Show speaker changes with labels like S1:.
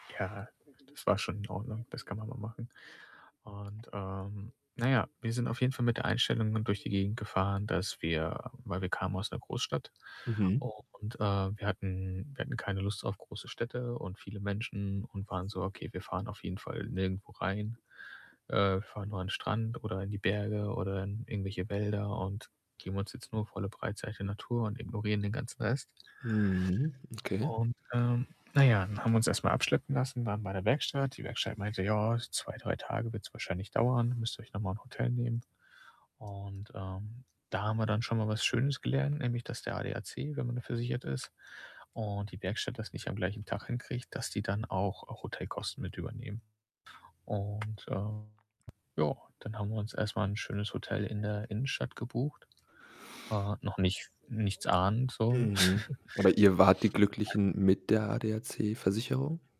S1: Ja, das war schon in Ordnung, das kann man mal machen und, ähm na ja, wir sind auf jeden Fall mit der Einstellung dann durch die Gegend gefahren, dass wir weil wir kamen aus 'ner Großstadt
S2: Mhm.
S1: und, äh, wir hatten wir hatten keine Lust auf große Städte und viele Menschen und waren so: „Okay, wir fahren auf jeden Fall nirgendwo rein, äh, fahren nur an 'n Strand oder in die Berge oder in irgendwelche Wälder und geben uns jetzt nur volle Breitseite Natur und ignorieren den ganzen Rest.“
S2: Mhm. Okay.
S1: Und, ähm na ja, dann haben wir uns erst mal abschleppen lassen, waren bei der Werkstatt. Die Werkstatt meinte: „Ja, 2, 3 Tage wird's wahrscheinlich dauern, müsst ihr euch noch mal Hotel nehmen.“ Und, ähm, da haben wir dann schon mal was Schönes gelernt, nämlich dass der ADAC, wenn man versichert ist und die Werkstatt das nicht am gleichen Tag hinkriegt, dass die dann auch auch Hotelkosten mit übernehmen. Und, ähm, ja, dann haben wir uns erst mal 'n schönes Hotel in der Innenstadt gebucht. Äh, noch nicht nichts ahnend so.
S2: Mhm. Aber ihr wart die
S1: [unintelligible]
S2: Glücklichen mit der ADAC-Versicherung?